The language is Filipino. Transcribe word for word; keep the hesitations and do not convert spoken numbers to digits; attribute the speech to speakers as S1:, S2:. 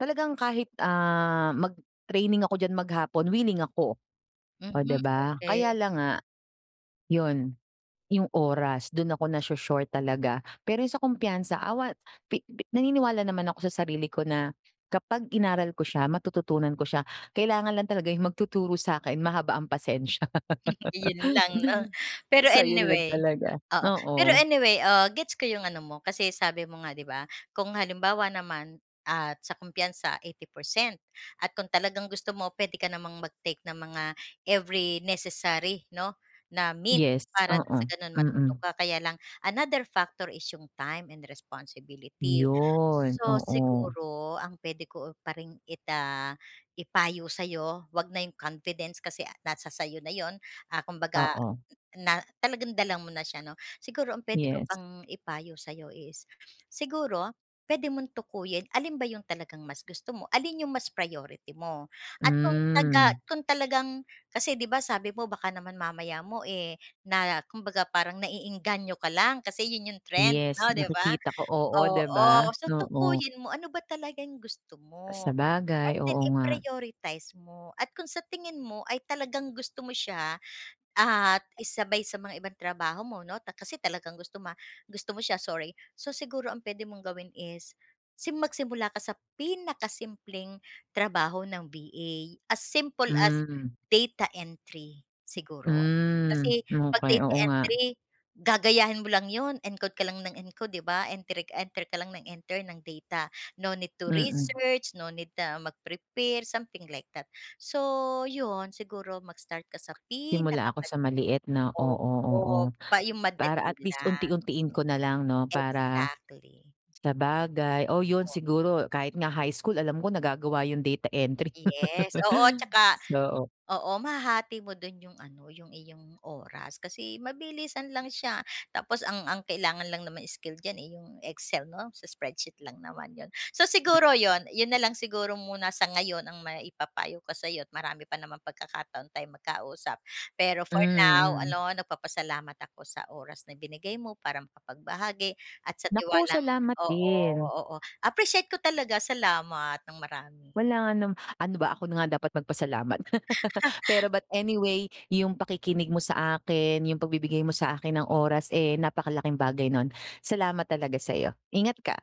S1: Talagang kahit, ah, mag-training ako diyan maghapon, willing ako. Oh, di
S2: Mhm,
S1: ba?
S2: okey.
S1: Kaya lang nga, 'yon yung oras do'n ako nasho-short talaga pero sa kumpiyansa awa pi pi naniniwala naman ako sa sarili ko na kapag inaral ko siya, matututunan ko siya, kailangan lang talaga yung magtuturo sa'kin mahaba ang pasensya.
S2: Yon lang 'no? Pero
S1: So 'yon lang
S2: anyway,
S1: talaga,
S2: oo, pero
S1: oo.
S2: anyway, ah, gets ko yung ano mo kasi sabi mo nga, 'di ba, kung halimbawa naman at sa kumpiyansa, eighty percent at kung talagang gusto mo puwede ka namang mag-take ng mga every necessary 'no, na mint
S1: Yes.
S2: para nang sa
S1: Oo,
S2: gano'n matuto
S1: mm
S2: ka kaya lang another factor is yung time and responsibility.
S1: 'Yon,
S2: So,
S1: oo.
S2: siguro ang puwede ko pa rin ita ipayo sa 'yo huwag na 'yong confidence kasi nasa sa'yo na 'yon, ah, kumbaga
S1: Oo.
S2: na talagang dala mo na siya 'no. Siguro ang puwede ko
S1: Yes.
S2: pang ipayo sa'yo is, siguro puwede mong tukuyin alin ba yung talagang mas gusto mo, alin yung mas priority mo, at kung taga
S1: Hmm.
S2: kung talagang kasi 'di ba, sabi mo baka naman mamaya mo, eh, na kumbaga parang naeengganyo ka lang kasi 'yon yung trend
S1: Yes,
S2: 'no, di ba?
S1: nakikita ko, oo, di ba?
S2: Oo, so
S1: Oo.
S2: tukuyin mo ano ba talagang gusto
S1: Ah
S2: mo, and
S1: sabagay,
S2: then
S1: oo nga.
S2: i-prioritize mo at kung sa tingin mo ay talagang gusto mo siya at isabay sa mga ibang trabaho mo 'no, ta kasi talagang gusto mo gusto mo siya, sorry. So, siguro ang puwede mong gawin is sim magsimula ka sa pinakasimpleng trabaho ng VA as simple as
S1: Hmm.
S2: data entry siguro.
S1: Hmm,
S2: Kasi 'pag
S1: okey.
S2: data
S1: Oo nga.
S2: entry gagayahin mo lang 'yon, encode ka lang ng encode, di ba? Entry enter ka lang nang enter ng data. No need to
S1: Mm.
S2: research, no need na mag-prepare something like that, so, 'yon siguro mag-start ka sa
S1: Simula ako sa
S2: pinakamada
S1: maliit, 'no? Oo, oo
S2: opo, pa yung
S1: para
S2: madali
S1: at least
S2: lang.
S1: unti-untiin ko na lang 'no, para
S2: Exactly.
S1: sabagay, oo 'yon
S2: Totoo.
S1: siguro kahit nga high school alam ko nagagawa yung data entry.
S2: Yes, oo at saka
S1: so, o
S2: oo, mahahati mo do'n yung ano, yung iyong oras kasi mabilisan lang siya tapos ang ang kailangan lang naman skill diyan, eh, yung Excel 'no, sa spreadsheet lang naman 'yon. So,
S1: Mm.
S2: siguro 'yon, 'yon na lang siguro muna sa ngayon ang maipapayo ko sa'yo marami pa namang pagkakataon tayong magkausap. Pero
S1: Hmm,
S2: for now
S1: mm.
S2: no, nagpapasalamat ako sa oras na binigay mo para makapagbahagi at sa
S1: Naku,
S2: tiwalang
S1: salamat
S2: oo,
S1: din.
S2: oo appreciate ko talaga salamat ng marami.
S1: Walang anuma ano ba ako na nga dapat magpasalamat pero but anyway yung pakikinig mo sa akin, yung pagbibigay mo sa akin ng oras, eh, napakalaking bagay no'n. Salamat talaga sa'yo, ingat ka.